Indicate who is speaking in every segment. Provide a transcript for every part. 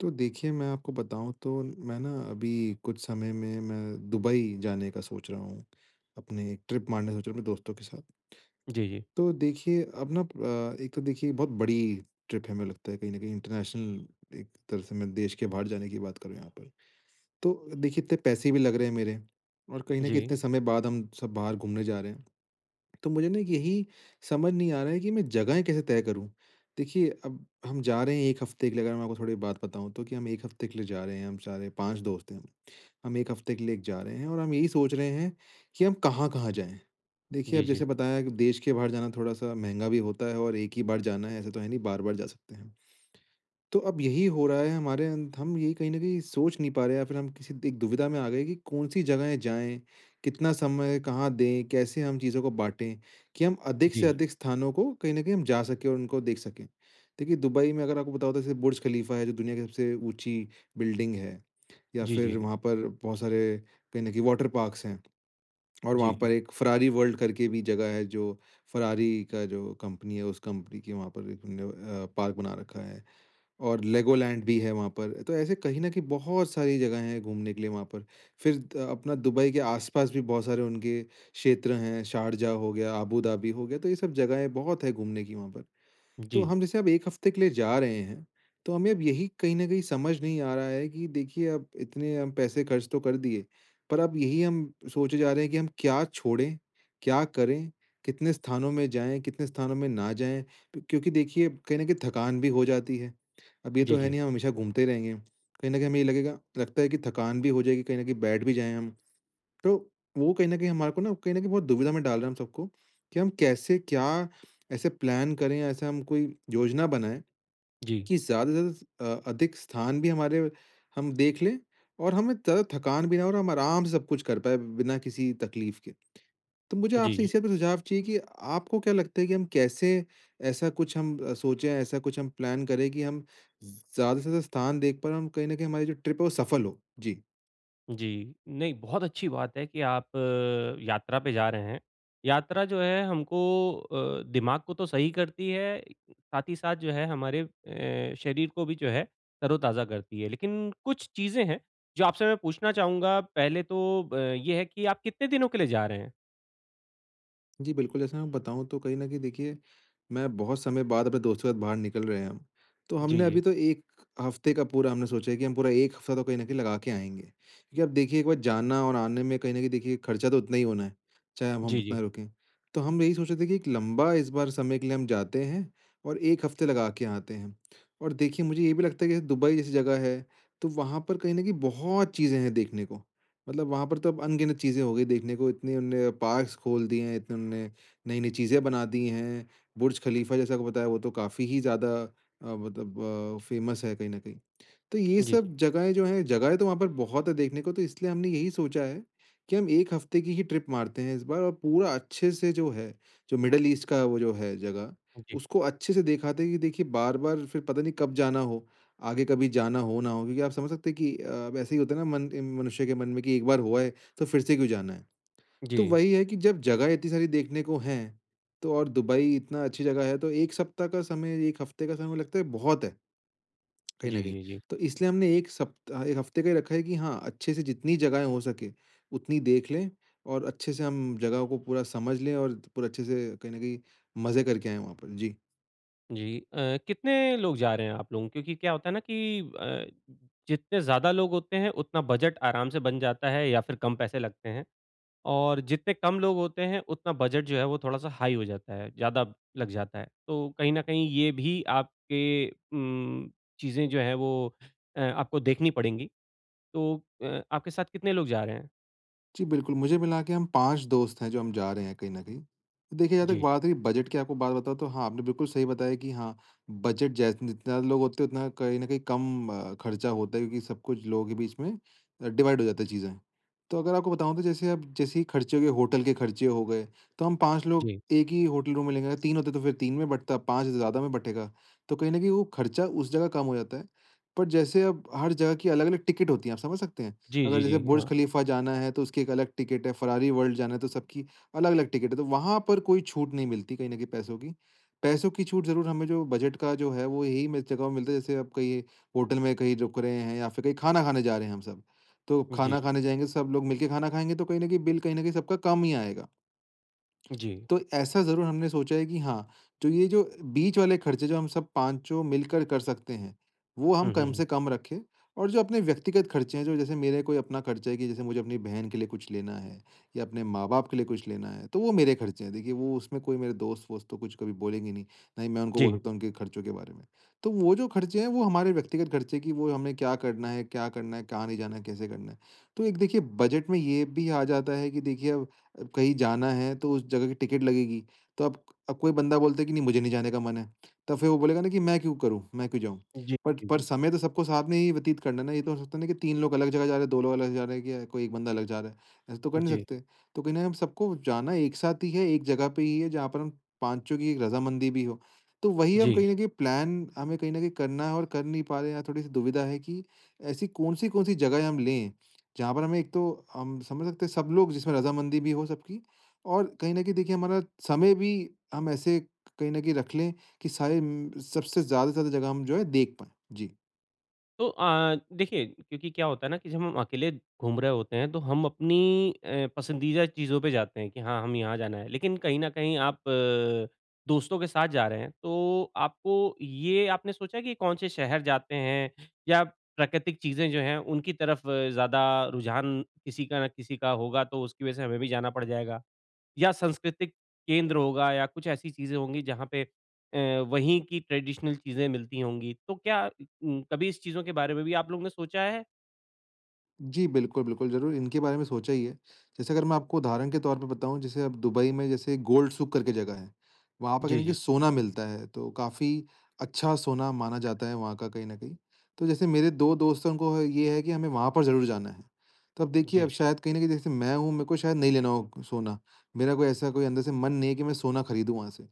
Speaker 1: तो देखिए मैं आपको बताऊँ तो मैं ना अभी कुछ समय में मैं दुबई जाने का सोच रहा हूँ। अपनी एक ट्रिप मारने का सोच रहा हूँ अपने दोस्तों के साथ।
Speaker 2: जी, जी।
Speaker 1: तो देखिए अब नप अ, एक तो देखिए बहुत बड़ी ट्रिप है हमें लगता है कहीं न कहीं इंटरनेशनल एक तरह से मैं देश के बाहर जाने की बात करूँ यहाँ पर। तो देखिए इतने पैसे भी लग रहे हैं मेरे, और कहीं न कहीं
Speaker 2: जी।
Speaker 1: इतने समय बाद हम सब बाहर घूमने जा रहे हैं। तो मुझे ना यही समझ नहीं आ रहा है कि मैं जगहें कैसे तय करूँ? देखिए अब हम जा रहे हैं 1 हफ़्ते के लिए अगर मैं आपको थोड़ी बात बताऊँ तो कि हम 1 हफ़्ते के लिए जा रहे हैं हम सारे 5 दोस्त हैं हम। हम 1 हफ़्ते के लिए एक जा रहे हैं और हम यही सोच रहे हैं कि हम कहाँ-कहाँ जाएँ? देखिए
Speaker 2: जी,
Speaker 1: अब जैसे
Speaker 2: जी।
Speaker 1: बताया कि देश के बाहर जाना थोड़ा-सा महँगा भी होता है और एक ही बार जाना है ऐसा तो है नहीं बार-बार जा सकते हैं। तो अब यही हो रहा है हमारे अंत हम यही कहीं न कहीं सोच नहीं पा रहे हैं या फिर हम किसी त एक दुविधा में आ गए कि कौन-सी जगहें जाएँ, कितना समय कहाँ दें, कैसे हम चीज़ों को बाँटे कि हम अधिक से
Speaker 2: जी।
Speaker 1: अधिक स्थानों को कहीं न कहीं हम जा सके और उनको देख सके? देखिए दुबई में अगर आपको पता होता है जैसे बुर्ज ख़लीफ़ा है। जो दुनिया की सबसे ऊँची बिल्डिंग है या
Speaker 2: जी, जी।
Speaker 1: फिर वहाँ पर बहुत सारे कहीं न कहीं वाटर पार्क्स हैं। और वहाँ
Speaker 2: जी।
Speaker 1: पर एक फ़ेरारी वर्ल्ड करके भी जगह है जो फ़ेरारी का जो कंपनी है उस कंपनी के वहाँ पर एक उन्होंने अ, पार्क बना रखा है। और लेगो लैंड भी है वहाँ पर। तो ऐसे कहीं न कहीं बहुत सारी जगह हैं घूमने के लिए वहाँ पर। फिर अ, अपना दुबई के आस-पास भी बहुत सारे उनके क्षेत्र हैं, शारजाह हो गया, अबू धाबी हो गया तो ये सब जगहें बहुत है घूमने की वहाँ पर। तो
Speaker 2: जी।
Speaker 1: हम जैसे अब 1 हफ़्ते के लिए जा रहे हैं तो हमें अब यही कहीं न कहीं समझ नहीं आ रहा है कि देखिए, अब इतने पैसे खर्च तो कर दिए। पर अब यही हम सोचे जा रहे हैं कि हम क्या छोड़े, क्या करें? कितने स्थानों में जाएँ, कितने स्थानों में ना जाएँ। क्योंकि देखिए कहीं न कहीं थकान भी हो जाती है। अब ये तो
Speaker 2: जी,
Speaker 1: है
Speaker 2: जी।
Speaker 1: नहीं हम हमेशा घूमते ही रहेंगे। कहीं न कहीं हमें ये लगेगा लगता है कि थकान भी हो जाएगी कहीं न कहीं बैठ भी जाएँ हम। तो वो कहीं न कहीं हमारे को ना कहीं न कहीं बहुत दुविधा में डाल रहे हैं हम सबको कि हम कैसे क्या ऐसे प्लान करे ऐसा हम कोई योजना बनाए
Speaker 2: जी।
Speaker 1: कि ज़्यादा से ज़्यादा अ, अधिक स्थान भी हमारे हम देख लें और हमें थ थकान भी ना हो और हम आराम से सब कुछ कर पाएँ बिना किसी तकलीफ़ के। तो मुझे आपसे
Speaker 2: जी।
Speaker 1: इसी बात पे सुझाव चाहिए कि आपको क्या लगता है कि हम कैसे ऐसा कुछ हम सोचे ऐसा कुछ हम प्लान करें कि हम ज़ ज़्यादा से ज़्यादा स्थान देख पाए हम कहीं न कहीं हमारी जो ट्रिप है वो सफल हो। जी।
Speaker 2: जी। नहीं बहुत अच्छी बात है कि, आप यात्रा पे जा रहे हैं। यात्रा जो है हमको अ, दिमाग को तो सही करती है, साथ ही साथ जो है हमारे अ, शरीर को भी जो है, तरो-ताज़ा करती है। लेकिन कुछ चीज़ें हैं, जो आपसे मैं पूछना चाहूँगा, पहले तो ब ये है कि आप कितने दिनों के लिए जा रहे हैं?
Speaker 1: जी, बिल्कुल। जैसे मैं बताऊँ तो कहीं न कहीं देखिए, मैं बहुत समय बाद अपने दोस्तों के साथ बाहर निकल रहे हैं हम। तो
Speaker 2: जी,
Speaker 1: हमने अभी
Speaker 2: जी।
Speaker 1: तो 1 हफ़्ते का पूरा हमने सोचा है कि, हम पूरा 1 हफ्ता तो कहीं न कहीं लगा के आएँगे। क्योंकि अब देखिए, 1 बार जाना और आने में कहीं न कहीं देखिए ख़र्चा तो उतना ही होना है, चाहे हम अब
Speaker 2: जी, जी।
Speaker 1: उतना रुकें। तो हम यही सोच रहे थे कि एक लंबा, इस बार समय के लिए हम जाते हैं और 1 हफ़्ते लगा के आते हैं। और देखिए मुझे ये भी लगता है कि दुबई जैसी जगह है, तो वहाँ पर कहीं न कहीं बहुत चीज़ें हैं देखने को। मतलब वहाँ पर तो अब अनगिनत चीज़ें हो गई देखने को, इतनी उन्होंने पार्क्स खोल दिए हैं इतने उन्होंने, नई-नई चीज़ें बना दी हैं, बुर्ज खलीफा जैसा आपको बताया, वो तो काफ़ी ही ज़्यादा, अ, मतलब अ, फ़ेमस है कहीं ना कहीं। तो ये
Speaker 2: जी।
Speaker 1: सब जगहें जो हैं, जगहें तो वहाँ पर बहुत है देखने को, तो इसलिए हमने यही सोचा है, कि हम 1 हफ़्ते की ही ट्रिप मारते हैं इस बार और पूरा अच्छे से जो है, जो मिडल-ईस्ट का वो जो है, जगह
Speaker 2: जी।
Speaker 1: उसको अच्छे से देख आते हैं कि देखिए बार-बार फिर पता नहीं कब जाना हो, आगे कभी जाना हो, ना हो क्योंकि आप समझ सकते हैं कि, अब ऐसे ही होता है ना मन मनुष्य के मन में कि एक बार हो आए, तो फिर से क्यों जाना है? तो
Speaker 2: जी।
Speaker 1: वही है कि, जब जगह इतनी सारी देखने को हैं, तो और दुबई इतना अच्छी जगह है, तो 1 सप्ताह का समय 1 हफ़्ते का समय लगता मुझे लगता है कि बहुत है। कहीं न
Speaker 2: जी,
Speaker 1: कहीं,
Speaker 2: जी, जी।
Speaker 1: तो इसलिए हमने 1 सप्ता 1 हफ़्ते का ही रखा है कि हाँ अच्छे से जितनी जगहें हो सके, उतनी देख लें और अच्छे से हम जगहों को पूरा समझ लें और पूरा अच्छे से कहीं न कहीं, मज़े करके आए वहाँ पर। जी।
Speaker 2: जी अ, कितने लोग जा रहे हैं आप लोग? क्योंकि क्या होता है ना कि अ, जितने ज़्यादा लोग होते हैं, उतना बजट आराम से बन जाता है या फिर कम पैसे लगते हैं। और जितने कम लोग होते हैं, उतना बजट जो है वो थोड़ा सा हाई हो जाता है, ज़्यादा लग जाता है। तो कहीं न कहीं ये भी आपके उम्म, चीज़ें जो हैं वो अ, आपको देखनी पड़ेगी। तो अ, आपके साथ कितने लोग जा रहे हैं?
Speaker 1: जी बिल्कुल, मुझे मिला के हम 5 दोस्त हैं जो हम जा रहे हैं कहीं न कहीं। देखिए अगर
Speaker 2: जी।
Speaker 1: बात हुई बजट की आपको बात बताऊँ, तो हाँ आपने बिल्कुल सही बताया कि, हाँ बजट जै जितने ज़्यादा लोग होते हैं उतना कहीं न कहीं कम खर्चा होता है, क्योंकि सब कुछ लोगों के बीच में डिवाइड हो जाते है चीजें। तो अगर आपको बताऊँ तो जैसे, आप जैसे ही खर्चे हो गए, होटल के खर्चे हो गए, तो हम 5 लोग
Speaker 2: जी।
Speaker 1: 1 ही होटल रूम में लेंगे। 3 होते तो फिर 3 में बँटता, 5 है ज़्यादा में बँटेगा। तो कहीं न कहीं वो खर्चा, उस जगह कम हो जाता है। पर जैसे अब हर जगह की अलग-अलग टिकट होती है। आप समझ सकते हैं,
Speaker 2: जी,
Speaker 1: अगर
Speaker 2: जी,
Speaker 1: जैसे
Speaker 2: जी,
Speaker 1: बुर्ज
Speaker 2: हाँ।
Speaker 1: खलीफा जाना है तो उसकी एक अलग टिकट है, फरारी वर्ल्ड जाना है, तो सबकी अलग-अलग टिकट है। तो वहाँ पर कोई छूट नहीं मिलती, कहीं न कहीं पैसों की। पैसों की छूट ज़रूर हमें जो बजट का जो है वो, यही में जगहों में मिलता है, जैसे आप कहीं होटल में कहीं रुक रहे हैं, या फिर कहीं खाना खाने जा रहे हैं हम सब। तो
Speaker 2: जी।
Speaker 1: खाना खाने जाएँगे, सब लोग मिलके खाना खाएँगे, तो कहीं न कहीं बिल कहीं न कहीं सबका कम ही आएगा।
Speaker 2: जी।
Speaker 1: तो ऐसा ज़रूर हमने सोचा है कि हाँ, तो ये जो बीच वाले खर्चे, जो हम सब पाँचों मिलकर कर सकते हैं, वो हम
Speaker 2: हुँ, हुँ,
Speaker 1: कम
Speaker 2: हुँ।
Speaker 1: से कम रखें और जो अपने व्यक्तिगत खर्चे हैं, जो जैसे मेरे कोई अपना खर्चा है, कि जैसे मुझे अपनी बहन के लिए कुछ लेना है, या अपने माँ-बाप के लिए कुछ लेना है, तो वो मेरे खर्चे हैं। देखिए वो उसमें कोई मेरे दोस्त-वोस्त तो कुछ कभी बोलेंगे नहीं। न ही मैं उनको बोल
Speaker 2: जी।
Speaker 1: सकता हूँ उनके खर्चों के बारे में। तो वो जो खर्चे हैं, वो हमारे व्यक्तिगत खर्चे कि वो हमें क्या करना है, क्या करना है, कहाँ नहीं जाना है, कैसे करना है? तो एक देखिए बजट में ये भी आ जाता है कि देखिए, अब कहीं जाना है तो उस जगह की टिकट लगेगी। तो अब अब, कोई बंदा बोलता है कि नहीं मुझे नहीं जाने का मन है। तो फिर वो बोलेगा ना कि मैं क्यों करूँ? मैं क्यों जाऊँ?
Speaker 2: जी,
Speaker 1: बट
Speaker 2: जी,
Speaker 1: पर
Speaker 2: जी।
Speaker 1: समय तो सबको साथ में ही व्यतीत करना है ना। ये तो, है तो नहीं कि 3 लोग अलग जगह जा रहे हैं, 2 लोग अलग जगह जा रहे हैं या कोई 1 बंदा अलग जा रहा है। ऐसे तो कर नहीं
Speaker 2: जी।
Speaker 1: सकते। तो कहीं न कहीं, हम सबको जाना, एक साथ ही है, एक जगह पे ही है, जहाँ पर हम पाँचों की एक रज़ामंदी भी हो। तो वही हम
Speaker 2: जी।
Speaker 1: कहीं भी प्लान हमें कहीं न कहीं करना है और कर नहीं पा रहे हैं, यहाँ थोड़ी-सी दुविधा है कि, ऐसी कौन-सी, कौन-सी जगहें हम लें, जहाँ पर हमें, एक तो हम समझ सकते हैं सब लोग जिसमें रज़ामंदी भी हो सबकी और कहीं न कहीं देखिए हमारा समय भी, हम ऐसे कहीं न कहीं रख लें, कि सारे म सबसे ज़्यादा से ज़्यादा जगह हम जो है देख पाएँ? जी।
Speaker 2: तो अ, देखिए क्योंकि क्या होता है ना कि जब हम अकेले घूम रहे होते हैं तो हम अपनी अ, पसंदीदा चीज़ों पे जाते हैं कि हाँ, हमें यहाँ जाना है। लेकिन कहीं न कहीं आप अ, दोस्तों के साथ जा रहे हैं तो आपको ये आपने सोचा कि कौन-से शहर जाते हैं या प्राकृतिक चीज़ें जो हैं उनकी तरफ ज़्यादा रुझान किसी का न किसी का होगा तो उसकी वजह से हमें भी जाना पड़ जाएगा। या सांस्कृतिक केंद्र होगा या कुछ ऐसी चीज़ें होंगी जहाँ पे अ, वहीं की ट्रेडिशनल चीज़ें मिलती होंगी। तो क्या उम, कभी इस चीज़ों के बारे में भी आप लोगों ने सोचा है?
Speaker 1: जी। बिल्कुल, बिल्कुल ज़रूर इनके बारे में सोचा ही है। जैसे अगर मैं आपको उदाहरण के तौर पे बताऊँ जैसे अब दुबई में जैसे गोल्ड सुक करके जगह है। वहाँ पर कहीं
Speaker 2: जी,
Speaker 1: न कहीं
Speaker 2: जी।
Speaker 1: सोना मिलता है तो काफ़ी अच्छा सोना माना जाता है वहाँ का कहीं न कहीं। तो जैसे मेरे 2 दोस्तों को है ये है कि हमें वहाँ पर ज़रूर जाना है। तो अब देखिए, अब
Speaker 2: जी।
Speaker 1: शायद कहीं न कहीं जैसे मैं हूँ मेरे को शायद नहीं लेना हो सोना। मेरा कोई ऐसा कोई अंदर से मन नहीं है कि मैं सोना खरीदूँ वहाँ से।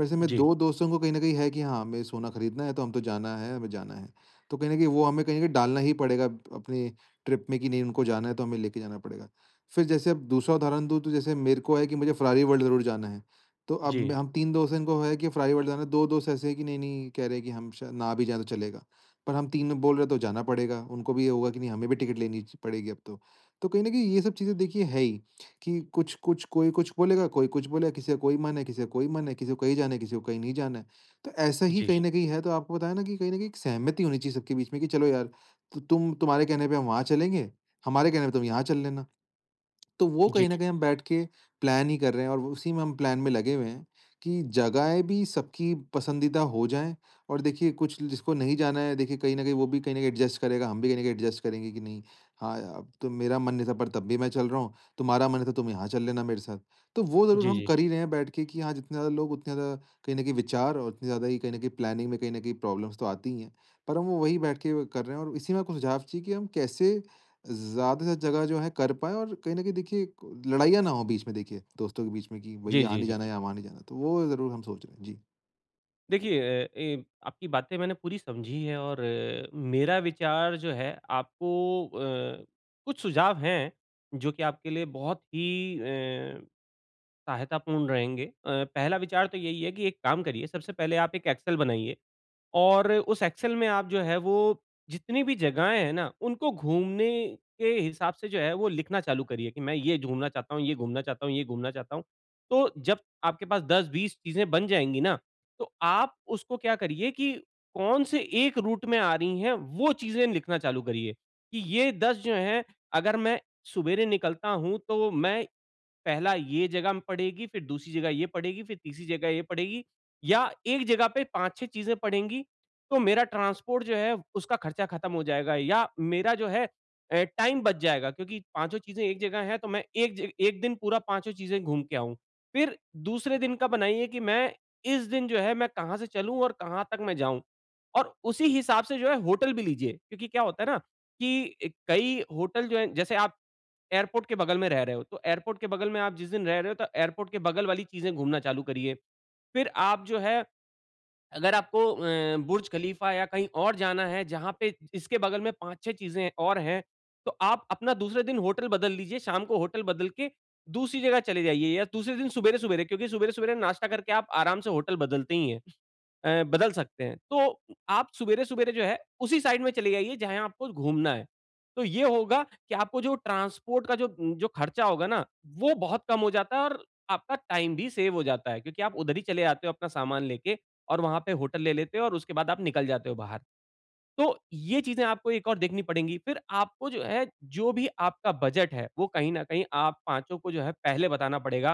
Speaker 1: वैसे मैं
Speaker 2: जी।
Speaker 1: 2 दोस्तों को कहीं न कहीं है कि हाँ, हमें सोना खरीदना है तो हम तो जाना है, हमें जाना है। तो कहीं न कहीं वो हमें कहीं न कहीं डालना ही पड़ेगा अप अपनी ट्रिप में कि नहीं उनको जाना है तो हमें लेके जाना पड़ेगा। फिर जैसे अब दूसरा उदाहरण दूँ तो जैसे मेरे को है कि मुझे फेरारी वर्ल्ड ज़रूर जाना है। तो अब
Speaker 2: जी।
Speaker 1: हम 3 दोस्त है इनको है कि फेरारी वर्ल्ड जाना है 2 दोस्त ऐसे है की नहीं-नहीं कह रहे है कि हम शायद ना भी जाए तो चलेगा। पर हम 3 बोल रहे तो जाना पड़ेगा। उनको भी ये होगा कि नहीं हमें भी टिकट लेनी च पड़ेगी अब तो। तो कहीं न कहीं ये सब चीज़ें देखिए है, ही कि कुछ-कुछ कोई कुछ बोलेगा कोई कुछ बोलेगा, किसी का कोई मन है, किसी का कोई मन है, किसी को कहीं जाना है, किसी को कहीं नहीं जाना है। तो ऐसा ही
Speaker 2: जी।
Speaker 1: कहीं न कहीं है तो आपको पता है ना कि कहीं न कहीं एक सहमति होनी चाहिए सबके बीच में कि चलो यार त तुम तुम्हारे कहने पे हम वहाँ चलेंगे। हमारे कहने पे तुम यहाँ चल लेना। तो वो
Speaker 2: जी।
Speaker 1: कहीं न कहीं हम बैठ के प्लान ही कर रहे हैं और उसी में हम प्लान में लगे हुए हैं कि जगहें भी सबकी पसंदीदा हो जाए। और देखिए कुछ जिसको नहीं जाना है देखिए कहीं न कहीं वो भी कहीं न कहीं एडजस्ट करेगा, हम भी कहीं न कहीं एडजस्ट करेंगे कि नहीं, हाँ या तो मेरा मन नहीं था पर तब भी मैं चल रहा हूँ। तुम्हारा मन नहीं था तुम यहाँ चल लेना मेरे साथ। तो वो ज़रूर
Speaker 2: जी,
Speaker 1: हम
Speaker 2: जी।
Speaker 1: कर ही रहे हैं बैठ के कि हाँ, जितने ज़्यादा लोग उतने ज़्यादा कहीं न कहीं विचार और उतनी ज़्यादा कहीं न कहीं प्लानिंग में कहीं न कहीं प्रॉब्लम्स तो आती ही है। पर हम वो वही बैठ के कर रहे है और इसी में आपको सुझाव चाहिए कि हम कैसे ज़्यादा से जगह जो है कर पाए और कहीं न कहीं देखिए क लड़ाइयाँ ना हो बीच में देखिए दोस्तों के बीच में कि भई
Speaker 2: जी,
Speaker 1: यहाँ
Speaker 2: जी,
Speaker 1: नहीं
Speaker 2: जी।
Speaker 1: जाना या वहाँ नहीं जाना है। तो वो ज़रूर हम सोच रहे हैं। जी।
Speaker 2: देखिए अ, ए आपकी बातें मैंने पूरी समझी है। और अ, मेरा विचार जो है, आपको अ, कुछ सुझाव हैं, जो कि आपके लिए बहुत ही अ, सहायतापूर्ण रहेंगे। अ, पहला विचार तो यही है, कि एक काम करिए, सबसे पहले आप 1 एक्सेल बनाइए। और उस एक्सेल में आप जो है, वो जितनी भी जगहें हैं न, उनको घूमने के हिसाब से जो है, वो लिखना चालू करिए। कि मैं ये घूमना चाहता हूँ, ये घूमना चाहता हूँ, ये घूमना चाहता हूँ। तो जब आपके पास 10-20 चीजें बन जाएँगी न, तो आप उसको क्या करिए, कि कौन-से 1 रूट में आ रही हैं, वो चीजें लिखना चालू करिए। कि ये 10 जो हैं, अगर मैं सुबेरे निकलता हूँ, तो मैं पहला ये जगह पड़ेगी, फ़िर दूसरी जगह ये पड़ेगी, फ़िर तीसरी जगह ये पड़ेगी या 1 जगह पे 5-6 चीजें पड़ेगी तो मेरा ट्रांसपोर्ट जो है, उसका खर्चा ख़त्म हो जाएगा। या मेरा जो है अ, टाइम बच जाएगा। क्योंकि पाँचों चीज़ें 1 जगह हैं, तो मैं एक 1 दिन पूरा पाँचो चीज़ें घूम के आऊँ। फ़िर दूसरे दिन का बनाइए, कि मैं इस दिन जो है, मैं कहाँ से चलूँ और कहाँ तक मैं जाऊँ। और उसी हिसाब से जो है, होटल भी लीजिए। क्योंकि क्या होता है न, कि कई होटल जो है जैसे आप एयरपोर्ट के बगल में रह रहे हो, तो एयरपोर्ट के बगल में आप जिस दिन रह रहे हो, तो एयरपोर्ट के बगल वाली चीज़ें घूमना चालू करिए। फिर आप जो है, अगर आपको अ, बुर्ज खलीफा या कहीं और जाना है, जहाँ पे इसके बगल में 5-6 चीज़ें और हैं, तो आप अपना दूसरे दिन होटल बदल लीजिए, शाम को होटल बदल के दूसरी जगह चले जाइए, या दूसरे दिन सुबेरे-सुबेरे, क्योंकि सुबेरे-सुबेरे नाश्ता करके, आप आराम से होटल बदलते ही हैं अ, बदल सकते हैं। तो आप सुबेरे-सुबेरे जो है उसी साइड में चले जाइये जहाँ आपको घूमना है। तो ये होगा कि आपको जो ट्रांसपोर्ट का जो, उ, जो खर्चा होगा न, वो बहुत कम हो जाता है और आपका टाइम भी सेव हो जाता है। क्योंकि आप उधर ही चले जाते हो अपना सामान लेके और वहाँ पे होटल ले लेते हो और उसके बाद आप निकल जाते हो बाहर। तो ये चीज़ें आपको एक और देखनी पड़ेंगी। फ़िर आपको जो है, जो भी आपका बजट है, वो कहीं न कहीं आप पाँचों को जो है पहले बताना पड़ेगा।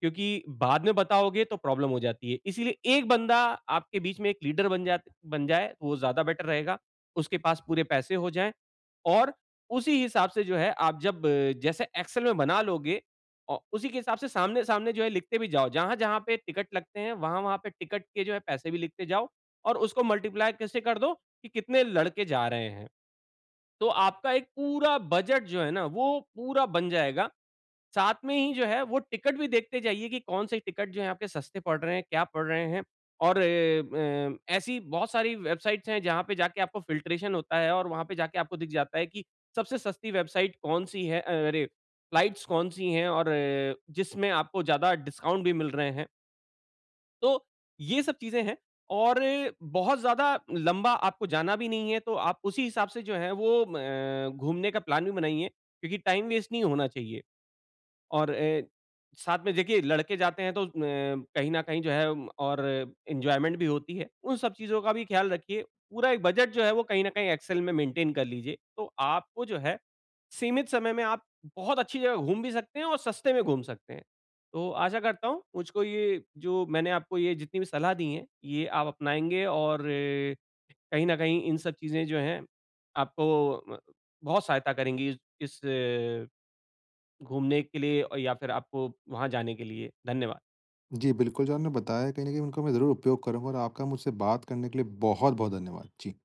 Speaker 2: क्योंकि बाद में बताओगे तो प्रॉब्लम हो जाती है। इसीलिए 1 बंदा आपके बीच में 1 लीडर बन जा बन जाए, वो ज़्यादा बेटर रहेगा। उसके पास पूरे पैसे हो जाएँ और उसी हिसाब से जो है, आप जब अ, जैसे एक्सेल में बना लोगे, औ उसी के हिसाब से सामने सामने जो है, लिखते भी जाओ। जहाँ-जहाँ पे टिकट लगते हैं, वहाँ-वहाँ पे टिकट के जो है पैसे भी लिखते जाओ और उसको मल्टीप्लाई किससे कर दो, कि कितने लड़के जा रहे हैं। तो आपका एक पूरा बजट जो है न, वो पूरा बन जाएगा। साथ में ही जो है वो टिकट भी देखते जाइए कि कौन-से टिकट जो है, आपके सस्ते पड़ रहे हैं, क्या पड़ रहे हैं? और एम अ, ऐसी बहुत सारी वेबसाइट्स हैं, जहाँ पे जाके आपको फिल्ट्रेशन होता है और वहाँ पे जाके आपको दिख जाता है, कि सबसे सस्ती वेबसाइट कौन-सी है, अ, अरे! फ्लाइट्स कौन-सी हैं और अ, जिसमें आपको ज़्यादा डिस्काउंट भी मिल रहे हैं। तो ये सब चीज़ें हैं, और अ, बहुत ज़्यादा लम्बा आपको जाना भी नहीं है, तो आप उसी हिसाब से जो है वो अ, घूमने का प्लान भी बनाइए। क्योंकि टाइम वेस्ट नहीं होना चाहिए। और अ, साथ में देखिये लड़के जाते हैं, तो अ, कहीं न कहीं जो है, और एन्जॉयमेंट भी होती है। उन सब चीज़ों का भी ख़्याल रखिए, पूरा एक बजट जो है वो कहीं न कहीं एक्सेल में मेंटेन कर लीजिए। तो आपको जो है, सीमित समय में आप बहुत अच्छी जगह घूम भी सकते हैं, और सस्ते में घूम सकते हैं। तो आशा करता हूँ, मुझको ये जो मैंने आपको ये जितनी भी सलाह दी हैं, ये आप अपनाएँगे और अ, कहीं न कहीं इन सब चीज़ें जो हैं आपको म बहुत सहायता करेंगी, इस अ, घूमने के लिए या फिर आपको वहाँ जाने के लिए धन्यवाद।
Speaker 1: जी, बिल्कुल। जो आपने बताया है कहीं न कहीं उनका मैं ज़रूर उपयोग करूँगा और आपका मुझसे बात करने के लिए बहुत-बहुत धन्यवाद। जी।